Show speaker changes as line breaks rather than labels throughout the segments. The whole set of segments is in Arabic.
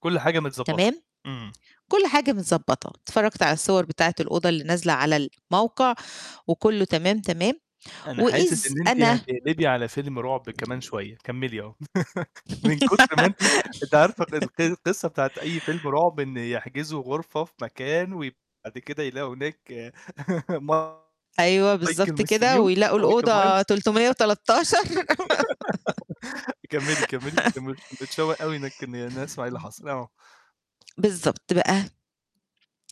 كل حاجة متضبطة،
تمام؟
امم.
كل حاجة متضبطة، اتفرجت على الصور بتاعة الأوضة اللي نازلة على الموقع وكله تمام، تمام؟
أنا حاسس
وإذ
إن أنتِ
أنا
هتقلبي على فيلم رعب كمان شوية، كمّلِي آه. من كُتر ما أنتِ أنتِ عارفة ق الق القصة بتاعة أي فيلم رعب إن يحجزوا غرفة في مكان وبعد كده يلاقوا هناك
أيوه،
مايكل
بالضبط، كده
مستنيهُم،
ويلاقوا
مايكل
الأوضة
مايلز
313
كمّلِي، كمّلِي متمش متشوّق أوى إن أنا أسمع إيه اللي
امم.
حاصل. آه.
بالضبط بقى،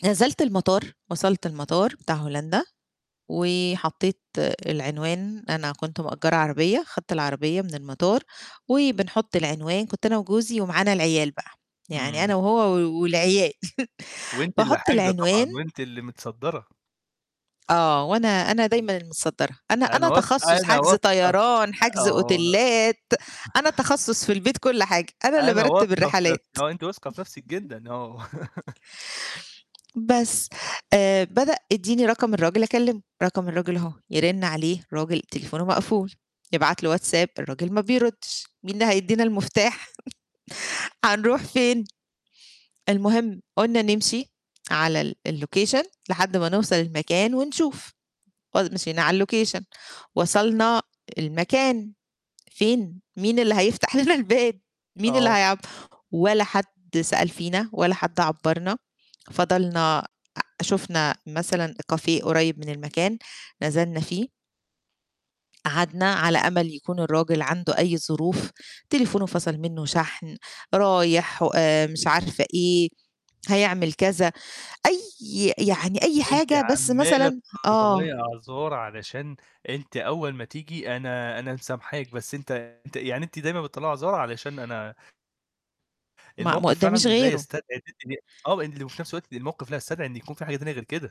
نزلت المطار وصلت المطار بتاع هولندا وحطيت العنوان، أنا كنت مأجّرة عربية خدت العربية من المطار وبنحُط العنوان، كنت أنا وجُوزي ومعانا العيال بقى، يعني
امم.
أنا وهو و والعيال.
وأنِت اللي
باحط
حاجزة طبعًا
العنوان
وأنتِ اللي متصدرة.
آه وأنا أنا دايمًا المتصدرة، أنا
أنا
أنا
واث
تخصص
أنا
حجز
واثقة
طيران،
ف
حجز
آه.
أوتيلّات، أنا تخصص في البيت كل حاجة، أنا اللي
أنا
بارتّب
واثقة في
الرحلات.
نفسي، آه، أنِت واثقة في نفسِك جدًا، آه.
بس، آآ بدأ "إديني رقم الراجل أكلمه." "رقم الراجل أهو،" يرن عليه الراجل تليفونه مقفول، يبعت له واتساب الراجل ما بيردش، مين اللي هيدّينا المفتاح؟ هنروح فين؟ المهم قُلنا نمشي على ال الlocation لحد ما نوصل المكان ونشوف، مشينا على الlocation وصلنا المكان فين؟ مين اللي هيفتح لنا الباب، مين اللي
آه.
هيعب ولا حد سأل فينا، ولا حد عبّرنا. فضلنا أ شُفنا مثلًا cafe قريب من المكان نزلنا فيه. قعدنا على أمل يكون الراجل عنده أي ظروف، تليفونه فصل منه شحن، رايح و آآ مش عارفة إيه، هيعمل كذا، أيّ يعني أيّ
أنِت
حاجة بس
عمّالة
مثلًا آه.
تطلّعي أعذار علشان أنِت أول ما تيجي أنا أنا مسامحاك بس أنت أنت يعني أنتِ دايمًا بتطلعى أعذار علشان أنا
ما ما
الموقف فعلًا
قُدّاميش
لا
غيره.
يستدعي إن أنتِ آه وفي نفس الوقت الموقف لا يستدعي إن يكون في حاجة تانية غير كده.